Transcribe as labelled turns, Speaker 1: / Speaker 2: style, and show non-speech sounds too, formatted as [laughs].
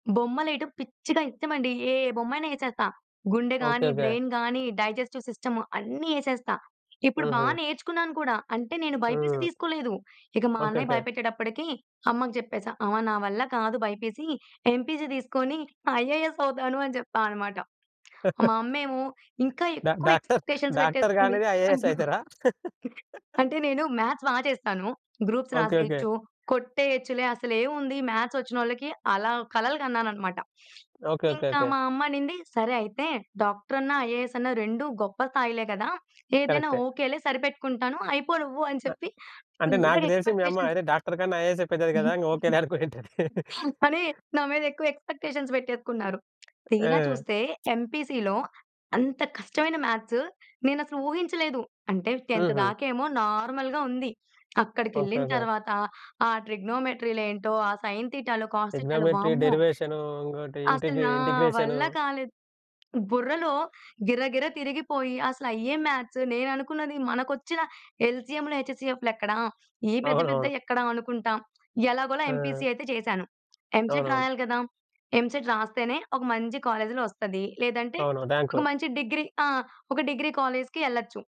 Speaker 1: బొమ్మలెయటం పిచ్చిగా ఇత్తమండి. ఏ బొమ్మయిన వేచేత్తా. గుండె
Speaker 2: ఓకే.
Speaker 1: గానీ,
Speaker 2: ఓకే.
Speaker 1: బ్రెయిన్ గానీ, డైజెస్టివ్ సిస్టమ్ అన్నీ యేసేస్తా. ఇప్పుడు బా
Speaker 2: హుహు.
Speaker 1: నేర్చుకున్నాను కూడా. అంటే, నేను బైపీసీ
Speaker 2: హ్మ్.
Speaker 1: తీసుకోలేదు. ఇక మా
Speaker 2: ఓకే.
Speaker 1: అన్నయ్య
Speaker 2: ఓకే.
Speaker 1: బయపెట్టేటప్పడికీ అమ్మకి చెప్పేశా. "అమ్మ నా వల్ల కాదు బైపీసీ, ఎంపీసీ తీసుకోనీ ఐఏఎస్ అవుతాను" అని చెప్పా అనమాట. మా అమ్మ ఏమో
Speaker 2: [chuckles]
Speaker 1: ఇంకా
Speaker 2: డ
Speaker 1: ఎక్కువ
Speaker 2: డాక్టర్,
Speaker 1: ఎక్స్‌పెక్టేషన్స్
Speaker 2: డాక్టర్
Speaker 1: పెట్టేసుకుంది.
Speaker 2: గానీ ఐఏఎస్
Speaker 1: అయ్యో!
Speaker 2: అయితారా? [laughs]
Speaker 1: అంటే, నేను మ్యాథ్స్ బా చేస్తాను. "Groups
Speaker 2: okay. ఓకే.
Speaker 1: రాసేయచ్చు, కొట్టేయచ్చులే. అసలేవుంది మ్యాథ్స్‌చ్చి‌నోళ్ళకి," అలా కలలు కన్నాననమాట.
Speaker 2: ఓకే. ఓకే.
Speaker 1: ఇంకా
Speaker 2: ఓకే.
Speaker 1: మా అమ్మ అనింది "సరే అయితే డాక్టరన్న, ఐఏఎసన్న రెండు గొప్ప స్థాయిలే కదా! ఏదైనా
Speaker 2: కరక్టే.
Speaker 1: ఓకే‌లే, సరిపెట్టుకుంటాను. అయిపో నువ్వు" అని
Speaker 2: అ
Speaker 1: చెప్పి
Speaker 2: అంటే,
Speaker 1: ఫుల్లుగా
Speaker 2: నాకు తెలిసి మీ అమ్మ
Speaker 1: ఎక్స్‌పెక్టేషన్స్
Speaker 2: అరె! డాక్టర్ కన్నా ఐఏఎస్సే పెద్దది గదా! ఓకేలే
Speaker 1: [laughs]
Speaker 2: అనుకోనుంటది. [laughs]
Speaker 1: అని నా మీద ఎక్కువ ఎక్స్‌పెక్టేషన్స్ పెట్టేసుకున్నారు. తీరా
Speaker 2: ఆ!
Speaker 1: చూస్తే ఎంపీసీ‌లో అంత కష్టమైన మ్యాథ్స్ నేనసలు ఊహించలేదు. అంటే, 10థ్
Speaker 2: హుహు.
Speaker 1: దాకేమో నార్మల్‌గా ఉంది.
Speaker 2: ఓకే.
Speaker 1: అక్కడికెళ్ళిన
Speaker 2: ఓకే.
Speaker 1: తర్వాత ఆ ట్రిగ్నోమెట్రీ‌లేంటో, ఆ సైన్ థీటాలు, కాస్ థీటాలు,
Speaker 2: ట్రిగ్నమెట్రీ,
Speaker 1: వామ్మో!
Speaker 2: డెరివేషనూ, ఇంకోటి
Speaker 1: అసలు
Speaker 2: ఇంటిగ్
Speaker 1: నా
Speaker 2: ఇంటిగ్రేషను.
Speaker 1: వల్ల కాలేదు. బుర్రలో గిర గిర తిరిగిపోయి, అసలయ్యే మ్యాథ్స్. నేననుకున్నది, మనకొచ్చిన ఎల్‌సీఎం‌లు, హెచ్‌సీఎఫ్‌లు ఎక్కడ? ఈ పెద్ద
Speaker 2: అవునవును.
Speaker 1: పెద్దయి ఎక్కడ అనుకుంటాం. ఎలాగోలా
Speaker 2: ఆ!
Speaker 1: ఎంపీసీ అయితే చేశాను. ఎంసెట్
Speaker 2: అవునవును.
Speaker 1: రాయాలి కదా! ఎంసెట్ రాస్తేనే ఒక మంచి కాలేజ్‌లో ఒస్తది, లేదంటే
Speaker 2: అవును.
Speaker 1: ఒక
Speaker 2: ర్యాంకు
Speaker 1: మంచి డిగ్రీ ఆ! ఒక డిగ్రీ కాలేజ్‌కి యెళ్ళొచ్చు.